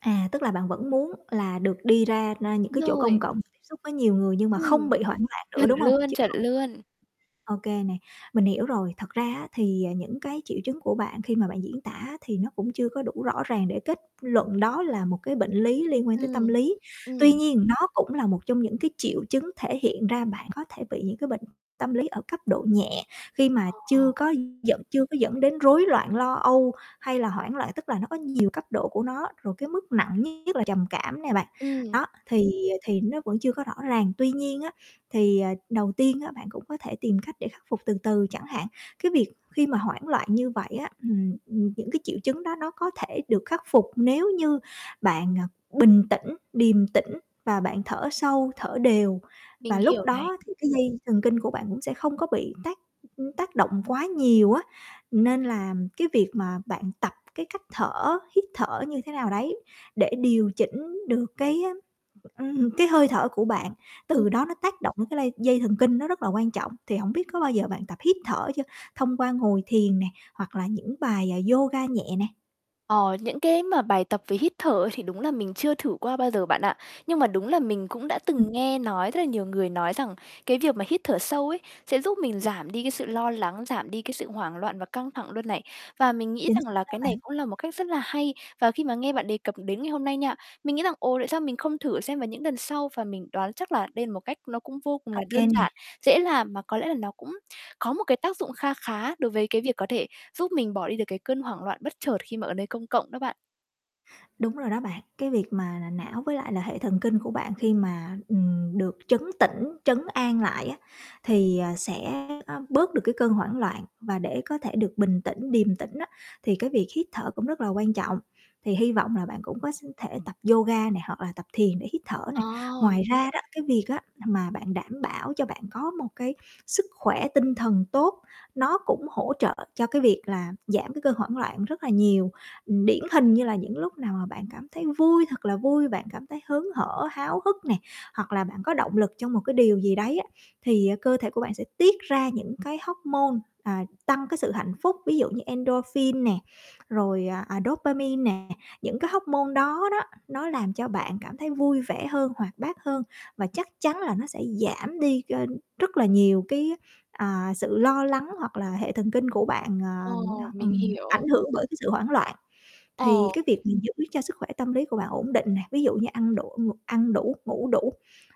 À, tức là bạn vẫn muốn là được đi ra na những Đúng cái chỗ rồi. công cộng tiếp xúc với nhiều người nhưng mà không Ừm, bị hoảng loạn nữa, chuẩn đúng hông? luôn, Chứ chuẩn không luôn. Ô kê nè, mình hiểu rồi. Thật ra á thì, ờ, những cái triệu chứng của bạn khi mà bạn diễn tả á, thì nó cũng chưa có đủ rõ ràng để kết luận đó là một cái bệnh lý liên quan tới tâm Ừm, lý. Tuy ừm. nhiên nó cũng là một trong những cái triệu chứng thể hiện ra bạn có thể bị những cái bệnh tâm lý ở cấp độ nhẹ, khi mà À. chưa có dẫn chưa có dẫn đến rối loạn lo âu, hay là hoảng loạn. Tức là nó có nhiều cấp độ của nó, rồi cái mức nặng nhất là trầm cảm nè bạn, Ừm. đó. Thì, à, thì nó vẫn chưa có rõ ràng. Tuy nhiên á thì, ờ, đầu tiên á bạn cũng có thể tìm cách để khắc phục từ từ chẳng hạn, cái việc khi mà hoảng loạn như vậy á ừm, ừm, những cái triệu chứng đó nó có thể được khắc phục nếu như bạn, à, bình tĩnh, điềm tĩnh và bạn thở sâu, thở đều, Mình và lúc hiểu này. đó thì cái dây thần kinh của bạn cũng sẽ không có bị tác, ưm, tác động quá nhiều á. Nên là cái việc mà bạn tập cái cách thở, hít thở như thế nào đấy để điều chỉnh được cái, á, ừm, cái hơi thở của bạn, Ừm. từ đó nó tác động cái lây dây thần kinh, nó rất là quan trọng. Thì hổng biết có bao giờ bạn tập hít thở chưa? Thông qua ngồi thiền nè hoặc là những bài, à, yoga nhẹ nè? Ờ, những cái mà bài tập về hít thở thì đúng là mình chưa thử qua bao giờ bạn ạ. Nhưng mà đúng là mình cũng đã Ừm. từng nghe nói rất là nhiều người nói rằng cái việc mà hít thở sâu ấy sẽ giúp mình giảm đi cái sự lo lắng, giảm đi cái sự hoảng loạn và căng thẳng luôn này. Và mình nghĩ Chính xác rằng là đó cái này bạn. cũng là một cách rất là hay. Và khi mà nghe bạn đề cập đến ngày hôm nay nha, mình nghĩ rằng, ồ, tại sao mình không thử xem vào những lần sau. Và mình đoán chắc là đây là một cách nó cũng vô cùng Ô là kê đơn nè. giản, dễ làm mà có lẽ là nó cũng có một cái tác dụng kha khá đối với cái việc có thể giúp mình bỏ đi được cái cơn hoảng loạn bất chợt khi mà ở nơi công cộng đó bạn. Đúng rồi đó bạn, cái việc mà là não với lại là hệ thần kinh của bạn khi mà, ừm, được trấn tĩnh, trấn an lại á thì, ờ, sẽ, a, bớt được cái cơn hoảng loạn và để có thể được bình tĩnh, điềm tĩnh á thì cái việc hít thở cũng rất là quan trọng. Thì hy vọng là bạn cũng có s thể tập yoga nè, hoặc là tập thiền để hít thở nè. Ờ. Mình Ngoài hiểu ra đó nè. cái việc á n mà bạn đảm bảo cho bạn có một cái sức khỏe tinh thần tốt, nó cũng hỗ trợ cho cái việc là giảm cái cơn hoảng loạn rất là nhiều. Ừm, điển hình như là những lúc nào mà bạn cảm thấy vui thật là vui, bạn cảm thấy hớn hở, háo hức nè, hoặc là bạn có động lực trong một cái điều gì đấy á, thì cơ thể của bạn sẽ tiết ra những cái hóc môn, à, tăng cái sự hạnh phúc. Ví dụ như endorphin nè, rồi, à, à, dopamine nè. Những cái hóc môn đó đó, nó làm cho bạn cảm thấy vui vẻ hơn, hoạt bát hơn và chắc chắn là nó sẽ giảm đi kênh rất là nhiều cái, à, sự lo lắng hoặc là hệ thần kinh của bạn, à, Ồ, mình ừm, hiểu. ảnh hưởng bởi cái sự hoảng loạn. Thì cái Ồ. việc mình giữ cho sức khỏe tâm lý của bạn ổn định nè, ví dụ như ăn đủ, ng ăn đủ, ngủ đủ,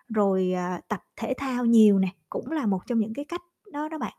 rồi, à, tập thể thao nhiều nè, cũng là một trong những cái cách đó đó bạn.